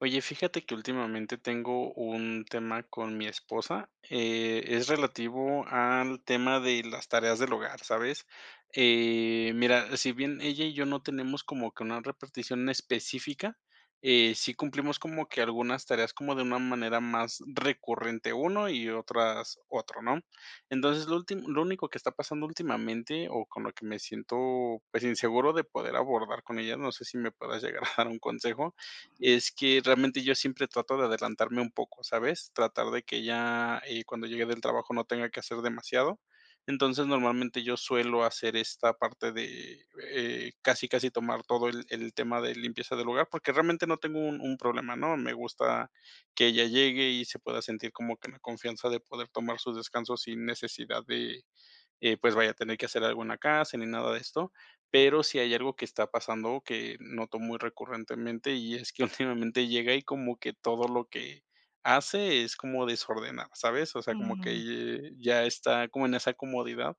Oye, fíjate que últimamente tengo un tema con mi esposa, eh, es relativo al tema de las tareas del hogar, ¿sabes? Eh, mira, sí bien ella y yo no tenemos como que una repartición específica, eh, sí cumplimos como que algunas tareas como de una manera más recurrente uno y otras otro, ¿no? Entonces, lo últi lo único que está pasando últimamente, o con lo que me siento, pues, inseguro de poder abordar con ella, no sé, si me puedas llegar a dar un consejo, Ujú. es que realmente yo siempre trato de adelantarme un poco, ¿sabes?, tratar de que ella, eh, cuando llegue del trabajo no tenga que hacer demasiado. Entonces, normalmente, yo suelo hacer esta parte de, eh, casi casi tomar todo el el tema de limpieza del hogar, porque realmente no tengo un un problema, ¿no?, me gusta que ella llegue y se pueda sentir como que en la confianza de poder tomar su descanso sin necesidad de, eh, pues, vaya a tener que hacer algo en la casa, ni nada de esto. Pero, sí hay algo que está pasando que noto muy recurrentemente, y es que últimamente, llega y como que todo lo que hace es como desordenar, ¿sabes?, o sea, como Mm. que ya está como en esa comodidad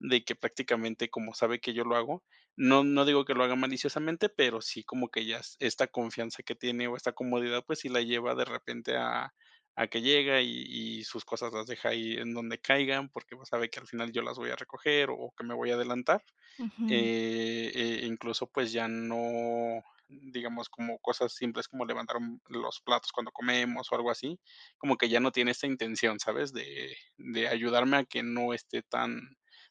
de que prácticamente, como sabe que yo lo hago, no no digo que lo haga maliciosamente, pero sí, como que ya esta confianza que tiene, o esta comodidad, pues, sí la lleva, de repente, a a que llega y y sus cosas las deja ahí en donde caigan, porque igual sabe que al final yo las voy a recoger, o que me voy a adelantar. Ujú. Eh, e incluso, pues, ya no, digamos, como cosas simples como levantar los platos cuando comemos o algo así, como que ya no tiene esa intención, ¿sabes? de de ayudarme a que no esté tan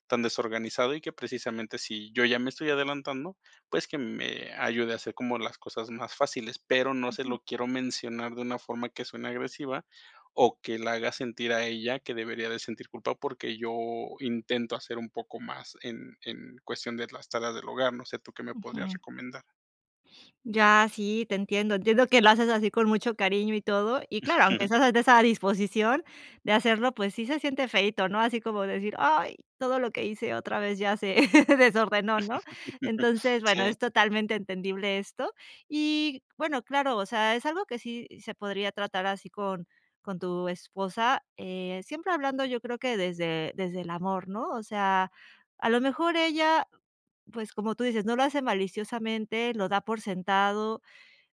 tan desorganizado y que precisamente, si yo ya me estoy adelantando, pues, que me ayude a hacer como las cosas más fáciles. Pero, no se Ujú. lo quiero mencionar de una forma que suene agresiva o que la haga sentir a ella que debería de sentir culpa, porque yo intento hacer un poco más en en cuestión de las tareas del hogar. No sé, ¿tú qué me podrías Ujú. recomendar? Ya. Sí, te entiendo. Entiendo que lo haces así con mucho cariño y todo, y claro, aunque estás de esa disposición de hacerlo, pues sí, se siente feíto, ¿no?, así como decir: "Ay, todo lo que hice, otra vez ya se desordenó", ¿no?, entonces, bueno, Sí. es totalmente entendible esto y bueno, claro, o sea, es algo que sí, se podría tratar así con con tu esposa, eh, siempre hablando yo creo que desde desde el amor, ¿no?, o sea, a lo mejor ella, pues, como tú dices, no lo hace maliciosamente, lo da por sentado,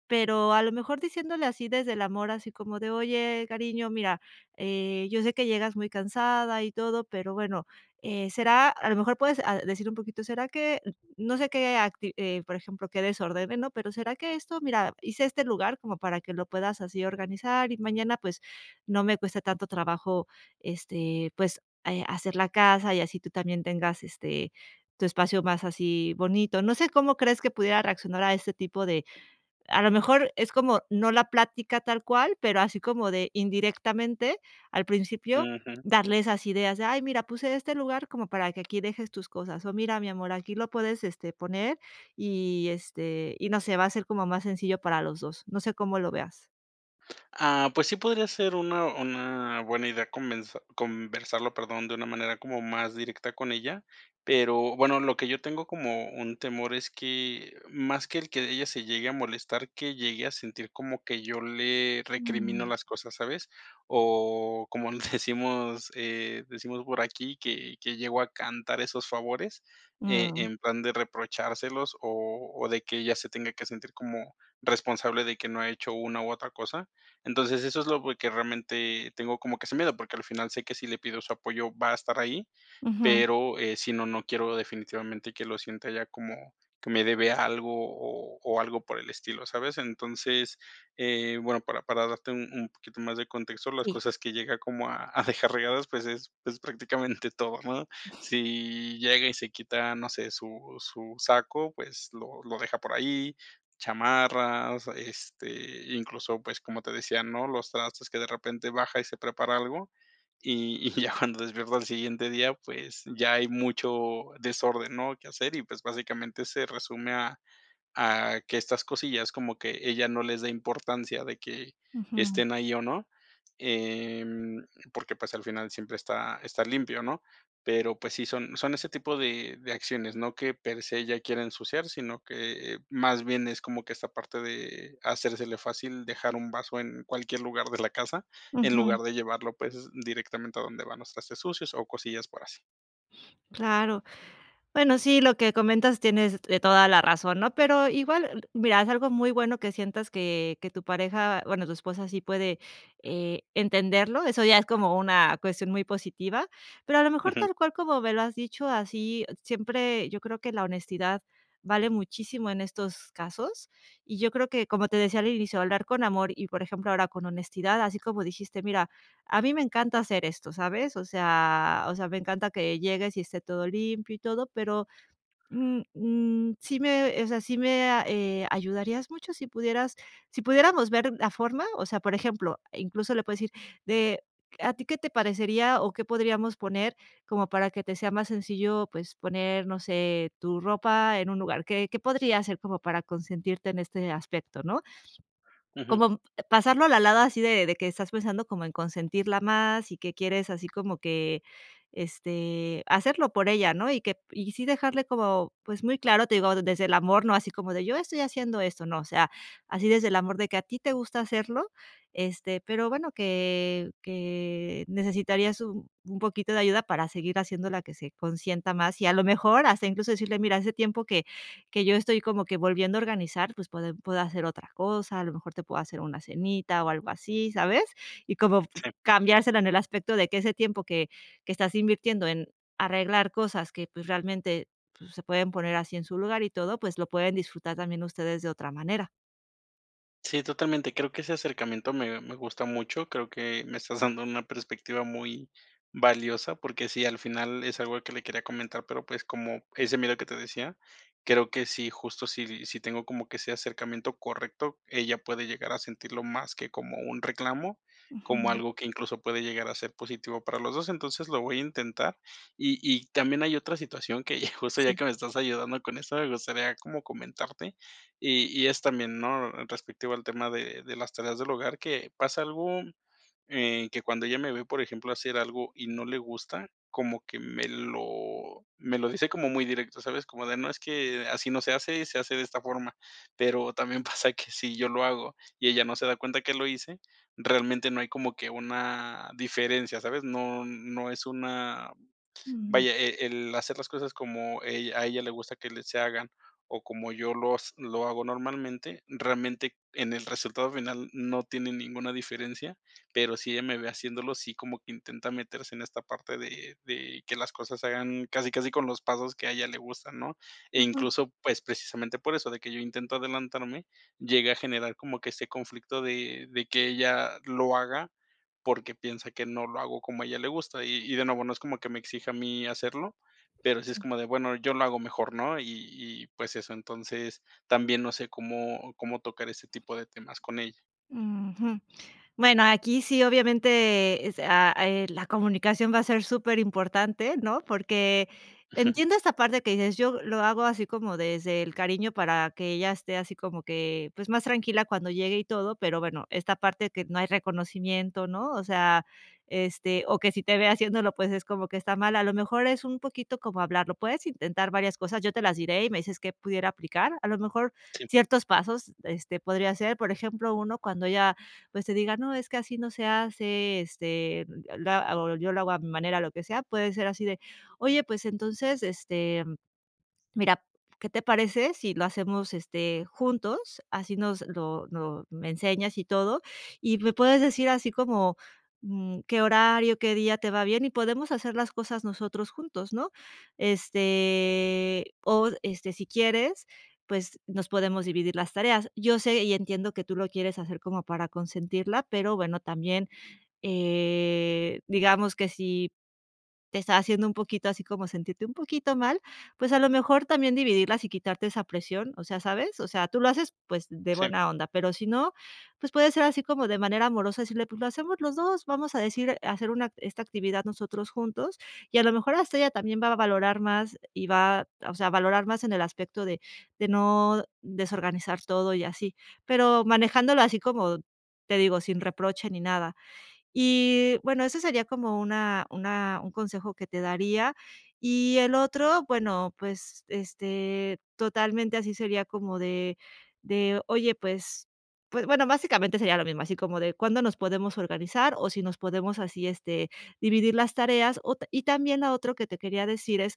pero, a lo mejor diciéndole así desde el amor, así como de: "Oye, cariño, mira, eh, yo sé que llegas muy cansada y todo", pero bueno, eh, "Será", a lo mejor puedes a decir un poquito, "Será que" no sé, qué acti eh, por ejemplo, qué desordene, ¿no?, pero, "Será que esto, mira, hice este lugar como para que lo puedas así organizar y mañana, pues, no me cueste tanto trabajo, este, pues, eh, hacer la casa, y así tú también tengas, este, tu espacio más así, bonito", no sé, cómo crees que pudiera reaccionar a este tipo de a lo mejor es como no la plática tal cual, pero, así como de indirectamente, al principio Ujú. darle esas ideas de: "Ay, mira, puse este lugar como para que aquí dejes tus cosas o mira, mi amor, aquí lo puedes, este, poner", y este, y no sé, va a ser como más sencillo para los 2. No sé, cómo lo veas. Ah, pues sí podría ser una una buena idea conver conversarlo, perdón, de una manera como más directa con ella, pero bueno, lo que yo tengo como un temor es que más que el que ella se llegue a molestar, que llegue a sentir como que yo le recrimino Mm. las cosas, ¿sabes? O como decimos, eh, decimos por aquí, que que llegó a cantar esos favores, eh Mm. en plan de reprochárselos o o de que ella se tenga que sentir como responsable de que no ha hecho una u otra cosa. Entonces eso es lo que realmente tengo como que ese miedo, porque al final sé que si le pido su apoyo, va a estar ahí. Ujú. Pero, eh si no no quiero definitivamente que lo sienta ya como que me debe algo o o algo por el estilo, ¿sabes? Entonces, eh, bueno, para para darte un un poquito más de contexto, las Sí. cosas que llega como a a dejar regadas, pues es es prácticamente todo, ¿no?, si llega y se quita, no sé, su su saco, pues lo lo deja por ahí, chamarras, este, incluso, pues, como te decía, ¿no?, los trastos que de repente baja y se prepara algo, y y ya cuando despierta el siguiente día, pues ya hay mucho desorden, ¿no?, que hacer y, pues, básicamente, se resume a a que estas cosillas, como que ella no les dé importancia de que Ujú. estén ahí o no. Em, porque, pues, al final siempre está está limpio, ¿no?, pero pues sí son son ese tipo de de acciones, ¿no?, que per se ella quiere ensuciar, sino que más bien es como que esta parte de hacérsele fácil dejar un vaso en cualquier lugar de la casa, en Ujú. lugar de llevarlo, pues directamente a donde van los trastes sucios o cosillas por así. Claro. Bueno, sí, lo que comentas tienes toda la razón, ¿no?, Pero igual mira, es algo muy bueno que sientas que que tu pareja, bueno, tu esposa sí puede, eh, entenderlo. Eso ya es como una cuestión muy positiva, pero a lo mejor Ujú. tal cual como me lo has dicho así siempre, yo creo que la honestidad vale muchísimo en estos casos y yo creo que como te decía al inicio de hablar con amor y por ejemplo, ahora con honestidad, así como dijiste: "Mira, a mí me encanta hacer esto, ¿sabes? O sea o sea, me encanta que llegues y esté todo limpio y todo, pero, mm mm, sí me o sea, sí me, eh, ayudarías mucho si pudieras sí pudiéramos ver la forma" o sea, por ejemplo, incluso le puedes decir de: "A ti qué te parecería o qué podríamos poner como para que te sea más sencillo, pues poner, no sé tu ropa en un lugar. ¿Qué qué podría hacer como para consentirte en este aspecto, ¿no?" Ujú. Como pasarlo a la lada así de de que estás pensando como en consentirla más y que quieres así como que, este, hacerlo por ella, ¿no?, y que y sí dejarle como, pues, muy claro. Te digo desde el amor, no así como de: "Yo estoy haciendo esto", no, o sea, así desde el amor de que a ti te gusta hacerlo este, pero bueno, que que necesitarías un un poquito de ayuda para seguir haciéndola, que se consienta más y a lo mejor hasta incluso decirle: "Mira, hace tiempo que que yo estoy como que volviendo a organizar, pues puedo hacer otra cosa. A lo mejor te puedo hacer una cenita o algo así", ¿sabes? Y como Sí. cambiársela en el aspecto de que ese tiempo que que estás invirtiendo en arreglar cosas que, pues, realmente, pues, se pueden poner así en su lugar y todo, pues lo pueden disfrutar también ustedes de otra manera. Sí, totalmente. Creo que ese acercamiento me me gusta mucho, creo que me estás dando una perspectiva muy valiosa, porque sí, al final es algo que le quería comentar, pero pues, como ese miedo que te decía, creo que sí, justo si si tengo como que ese acercamiento correcto, ella puede llegar a sentirlo más que como un reclamo, como Ujú. algo que incluso puede llegar a ser positivo para los dos. Entonces lo voy a intentar y y también hay otra situación que justo ya Sí. que me estás ayudando con eso, me gustaría como comentarte. Y y es también, ¿no?, respectivo al tema de de las tareas del hogar que pasa algo, eh, que cuando ella me ve, por ejemplo, hacer algo y no le gusta, como que me lo me lo dice como muy directo, ¿sabes?, como de: "No es que, así no se hace y se hace de esta forma", pero también, pasa que si yo lo hago y ella no se da cuenta que lo hice, realmente no hay como que una diferencia, ¿sabes?, no no es una Ujú. vaya, eh, el hacer las cosas como e a ella le gusta que se hagan o como yo lo s lo hago normalmente. Realmente, en el resultado final no tiene ninguna diferencia, pero si ella me ve haciéndolo sí como que intenta meterse en esta parte de de que las cosas se hagan casi casi con los pasos que a ella le gustan, ¿no?, e Ujú. incluso, pues, precisamente por eso de que yo intento adelantarme, llega a generar como que este conflicto de de que ella lo haga, porque piensa que no lo hago como a ella le gusta, y y de nuevo, no es como que me exija a mí hacerlo, pero sí es Sí. como de bueno, yo lo hago mejor, ¿no?, y y pues eso, entonces, también, no sé, cómo cómo tocar este tipo de temas con ella. Ujú. Bueno, aquí sí, obviamente es, eh, la comunicación va a ser superimportante, ¿no?, porque entiendo esta parte que dices yo lo hago así como desde el cariño para que ella esté así como que, pues, más tranquila cuando llegue y todo. Pero bueno, esta parte que no hay reconocimiento, ¿no?, o sea, este, o que sí te ve haciendo, pues, es como que está mal. A lo mejor es un poquito como hablarlo. Puedes intentar varias cosas. Yo te las diré y me dices que pudiera aplicar a lo mejor Sí. ciertos pasos. Este podría ser, por ejemplo, 1 cuando ya, pues, te diga: "No, es que así no se hace, este, yo lo hago yo lo hago a mi manera, lo que sea", puede ser así de: "Oye, pues, entonces, este, mira, ¿qué te parece si lo hacemos, este, juntos, así nos lo no me enseñas y todo y me puedes decir así como, mm, qué horario, qué día te va bien y podemos hacer las cosas nosotros juntos", ¿no?, este, o este si quieres, pues, nos podemos dividir las tareas. Yo sé y entiendo que tú lo quieres hacer como para consentirla, pero bueno, también, eh, digamos, que si te está haciendo un poquito así, como sentirte un poquito mal, pues, a lo mejor también dividirlas y quitarte esa presión, o sea, ¿sabes?, o sea, tú lo haces, pues, de Sí. buena onda, pero si no, pues puede ser así como de manera amorosa decirle: "Pues lo hacemos los 2". Vamos a decir hacer una esta actividad nosotros juntos y a lo mejor hasta ella también va a valorar más y va, o sea, a valorar más en el aspecto de de no desorganizar todo y así, pero, manejándolo así como te digo, sin reproche ni nada. Y bueno, eso sería como una una un consejo que te daría y el otro. Bueno, pues, este totalmente así sería como de de: "Oye", pues pues bueno, básicamente sería lo mismo, así como de: "Cuándo nos podemos organizar, o si nos podemos así, este, dividir las tareas", o y también a otro que te quería decir es,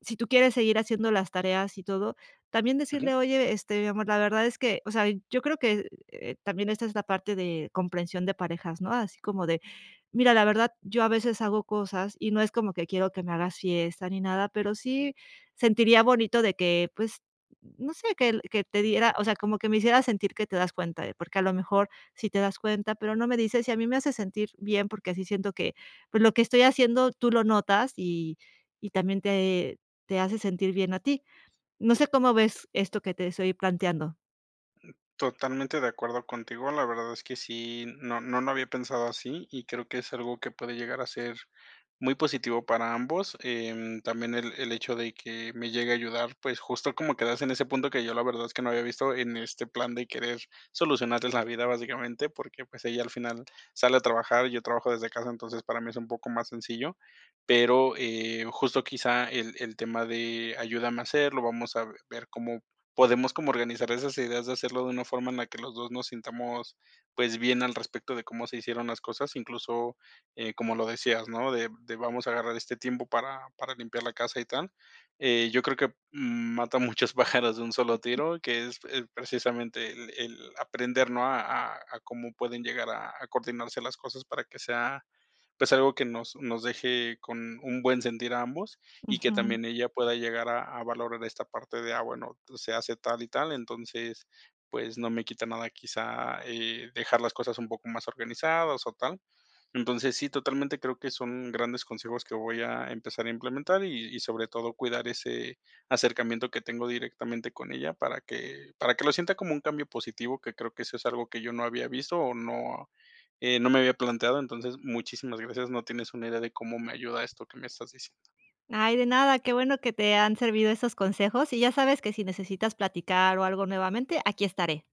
si tú quieres seguir haciendo las tareas y todo también Ujú. decirle: "Oye, este, amor, la verdad es que, o sea, yo creo que", eh, también. Esta es la parte de comprensión de parejas, no así como de: "Mira, la verdad, yo a veces hago cosas y no es como que quiero que me hagas fiesta ni nada, pero, sí sentiría bonito de que, pues no sé, que que te diera, o sea, como que me hicieras sentir que te das cuenta, porque a lo mejor sí te das cuenta, pero no me dices, y a mí me hace sentir bien, porque así siento que, pues, lo que estoy haciendo tú lo notas, y y también te te hace sentir bien a ti", ¿no sé, cómo ves esto que te estoy planteando? Totalmente de acuerdo contigo, la verdad es que sí, no no lo había pensado así, y creo que es algo que puede llegar a ser muy positivo para ambos, em, también el el hecho de que me llegue a ayudar, pues, justo como quedarse en ese punto que yo la verdad, es que no había visto, en este plan de querer solucionarles la vida, básicamente, porque, pues, ella al final sale a trabajar y yo trabajo desde casa, entonces, para mí es un poco más sencillo, pero, eh, justo quizá, el el tema de ayúdame a hacerlo, vamos a ver cómo podemos como organizar esas ideas de hacerlo de una forma en la que los 2 nos sintamos, pues, bien al respecto de cómo se hicieron las cosas, incluso, eh, como lo decías, ¿no?, de de vamos a agarrar este tiempo para para limpiar la casa y tal. Eh, yo creo que, mm, mata muchos pájaros de un solo Ujú. tiro, que es es precisamente el el aprender, ¿no?, a a a cómo pueden llegar a a coordinarse las cosas para que sea, pues, algo que nos nos deje con un buen sentir a ambos y que Ujú. también ella pueda llegar a a valorar esta parte de a bueno, se hace tal y tal, entonces, pues, no me quita nada, quizá, eh, dejar las cosas un poco más organizadas o tal. Entonces, sí, totalmente creo que son grandes consejos que voy a empezar a implementar y y sobre todo cuidar ese acercamiento que tengo directamente con ella, para que para que lo sienta como un cambio positivo, que creo que eso es algo que yo no había visto o no, eh, no me había planteado, entonces, muchísimas gracias. No tienes una idea de cómo me ayuda esto que me estás diciendo. Ay, de nada. Qué bueno que te han servido esos consejos. Y ya sabes que si necesitas platicar o algo nuevamente, aquí estaré.